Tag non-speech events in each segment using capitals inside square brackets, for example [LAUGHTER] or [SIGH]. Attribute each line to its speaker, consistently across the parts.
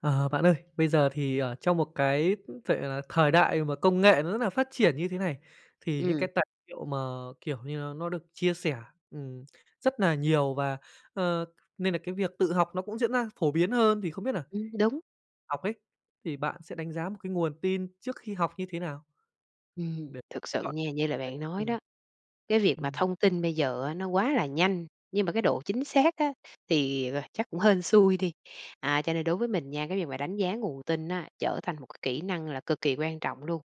Speaker 1: Ờ, bạn ơi, bây giờ thì, ờ, trong một cái, ứ, vệ là thời đại mà công nghệ nó rất là phát triển như thế này, thì những
Speaker 2: Ừm.
Speaker 1: cái tài liệu mà, kiểu như, nó nó được chia sẻ, ừm, rất nà nhiều và, ờ, nên là cái việc tự học nó cũng diễn ra phổ biến hơn, thì không biết nà
Speaker 2: Ừm, đúng.
Speaker 1: học ấy, thì bạn sẽ đánh giá một cái nguồn tin trước khi học như thế nào?
Speaker 2: Ừm,
Speaker 1: Để
Speaker 2: thực sự
Speaker 1: chọn
Speaker 2: nha, như là
Speaker 1: đấy,
Speaker 2: bạn nói
Speaker 1: ừm.
Speaker 2: đó, cái việc mà
Speaker 1: Ừm.
Speaker 2: thông tin bây giờ á nó quá là nhanh, nhưng mà cái độ chính xác á, thì, à, chắc cũng hên xui đi. À, cho nên đối với mình nha, cái việc mà đánh giá nguồn tin á trở thành một cái kỹ năng là cực kỳ quan trọng luôn.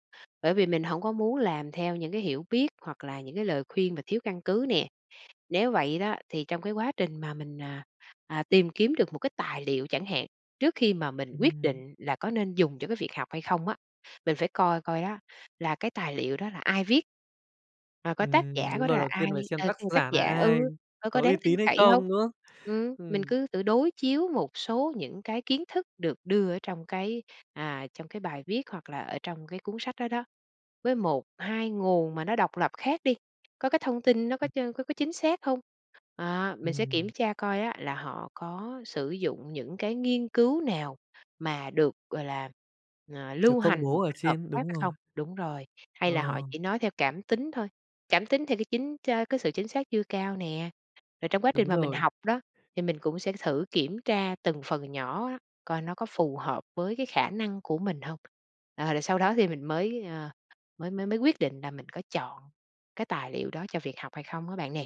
Speaker 2: Bởi vì mình hổng có muốn làm theo những cái hiểu biết hoặc là những cái lời khuyên mà thiếu căn cứ nè. Nếu vậy đó, thì trong cái quá trình mà mình, à, à, tìm kiếm được một cái tài liệu chẳng hạn, trước khi mà mình quyết
Speaker 1: Ừm.
Speaker 2: định là có nên dùng cho cái việc học hay không á, mình phải coi coi đó là cái tài liệu đó là ai viết. Và coi tác
Speaker 1: Ừm,
Speaker 2: giả của
Speaker 1: đúng
Speaker 2: nó
Speaker 1: rồi,
Speaker 2: là
Speaker 1: đầu tiên
Speaker 2: ai,
Speaker 1: phải xem
Speaker 2: ờ,
Speaker 1: tác
Speaker 2: từ tác
Speaker 1: giả
Speaker 2: giả
Speaker 1: nà ai?
Speaker 2: ừ, ờ, có
Speaker 1: Có
Speaker 2: có
Speaker 1: uy
Speaker 2: đáng tin
Speaker 1: tín hay
Speaker 2: cậy hông?
Speaker 1: không, đúng không?
Speaker 2: Ừm, mình
Speaker 1: Ừm.
Speaker 2: cứ tự đối chiếu một số những cái kiến thức được đưa ở trong cái, à, trong cái bài viết hoặc là ở trong cái cuốn sách đó đó, với 1, 2 nguồn mà nó độc lập khác đi, có cái thông tin nó có
Speaker 1: [UNINTELLIGIBLE]
Speaker 2: ch có có chính xác không? À, mình sẽ kiểm
Speaker 1: Ừm.
Speaker 2: tra coi á là họ có sử dụng những cái nghiên cứu nào mà được, gọi là, ờ,
Speaker 1: Được
Speaker 2: lưu
Speaker 1: công
Speaker 2: hành một
Speaker 1: bố ở
Speaker 2: cách hợp
Speaker 1: trên,
Speaker 2: pháp
Speaker 1: đúng
Speaker 2: hay
Speaker 1: rồi.
Speaker 2: không? Đúng rồi, hay
Speaker 1: Ờ.
Speaker 2: là họ chỉ nói theo cảm tính thôi, cảm tính theo cái chính cha cái sự chính xác chưa cao nè. Rồi trong quá
Speaker 1: Đúng
Speaker 2: trình mà mình
Speaker 1: rồi.
Speaker 2: học đó, thì mình cũng sẽ thử kiểm tra từng phần nhỏ á, coi nó có phù hợp với cái khả năng của mình hông? Ờ, rồi sau đó thì mình mới, ờ, mới mới mới quyết định là mình có chọn cái tài liệu đó cho việc học hay không á bạn nè.